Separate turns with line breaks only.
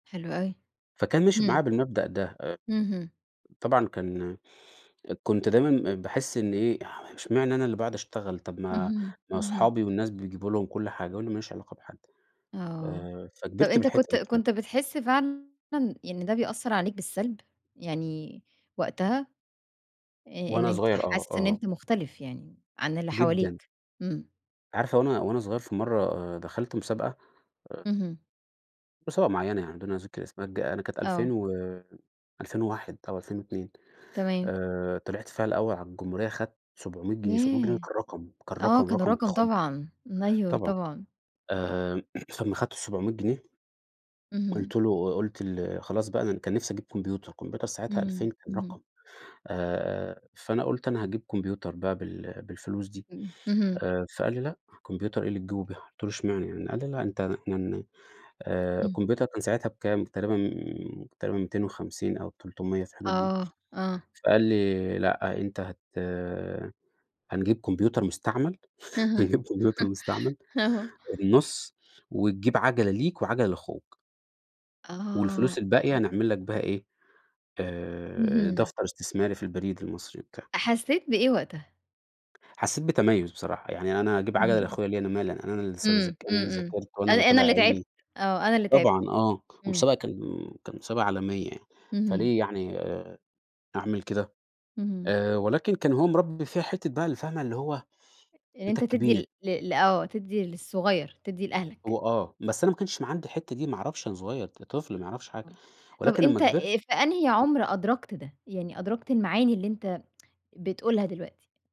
حلو أوي.
فكان ماشي معايا
إمم.
بالمبدأ ده أ
اهم.
طبعًا كان كنت دايمًا باحِس إنّي إيه، اح إشمعنى أنا اللي باقعد أشتغل، طب ما
اهم،
ما
اهم.
اصحابي والناس بيجيبوا لهم كل حاجة وأنا ما ليش علاقة بحد؟
آه.
آآ
طب
فكبرت
أنت
بالحتّة
كنت
دي [unintelligible]
كنت بتحِس فعلًا يعني ده بيأثّر عليك بالسَلب؟ يعني وقتها آآ إن
وأنا
أنت
صغير آه،
حاسس إن
آه.
أنت مختلف يعني عن اللي
جدًا.
حواليك. إمم.
عارفة وأنا وأنا صغير في مرّة دخلت مسابقة آآ
اهم.
مسابقة معيّنة يعني بدون ذِكر اسمها ج أنا كانت
آه.
2000 و2001 أو 2002
تمام.
آآ طلعت فيها الأول على الجمهورية خدت 700 جنيه، 700 جنيه ده
ياه!
كان رقم، كان
آه.
رقم
كان
رقم
رقم
يخُض.
طبعًا. أيوه
طبعًا.
طبعًا.
آآ أمّا خدت ال700 جنيه
اهم.
قُلت له ق قُلت ل خلاص بقى أنا كان نفسي أجيب كمبيوتر، كمبيوتر ساعتها
إمم.
2000 كان
اهم.
رقم. آآ فأنا قُلت: "أنا هاجيب كمبيوتر بقى بال بالفلوس دي."
إمم. اهم.
آآ فقال لي: "لأ، كمبيوتر إيه اللي تجيبه بيها." قُلت له: "إشمعنى يعني." قال لي: "لأ أنت" [unintelligible] آآ
إمم.
الكمبيوتر كان ساعتها بكام؟ تقريبًا، تقريبًا 250 أو 300 في الحدود دي.
آه. آه.
فقال لي: "لأ، أنت هت هنجيب كمبيوتر مستعمل،
[unintelligible]
هنجيب كمبيوتر مستعمل
آه.
النُص وتجيب عَجَلة ليك وعجلة لأخوك." والفلوس
آه.
الباقية
[unintelligible]
نعمل لك بيها إيه، آآ
اهم.
دفتر استثماري في البريد المصري وبتاع.
حسّيت بإيه وقتها؟
حسّيت بتميُّز بصراحة. يعني أنا أجيب عَجَلة
اهم.
لأخويا ليه؟ أنا مالي، أنا لسّه
إمم.
ذاك أنا
إمم،
اللي
إمم.
ذاكرت وأنا
أنا
اللي
أنا
طلع
اللي تعبت.
عيني،
آه، أنا اللي تعبت.
طبعًا آه. ومسابقة
إمم.
كان كان مسابقة عالمية،
اهم.
فليه يعني آآ أعمل كده؟
اهم.
آآ ولكن كان هو مربّي فيّا حتّة بقى اللي فاهمة؟ اللي هو،
إن
أنت
أنت تدي
الكبير.
ل ل ل آه. تدّي للصغير، تدّي لأهلك.
هو آه. بس أنا ما كانش م عندي الحتّة دي ما أعرفش أنا صغير، ط طفل ما يعرفش حاجة
[unintelligible] طب
ولكن أمّا
أنت
كبرت
في أنهي عمر أدركْت ده؟ يعني أدركْت المعاني اللي أنت بتقولها دلوقتي؟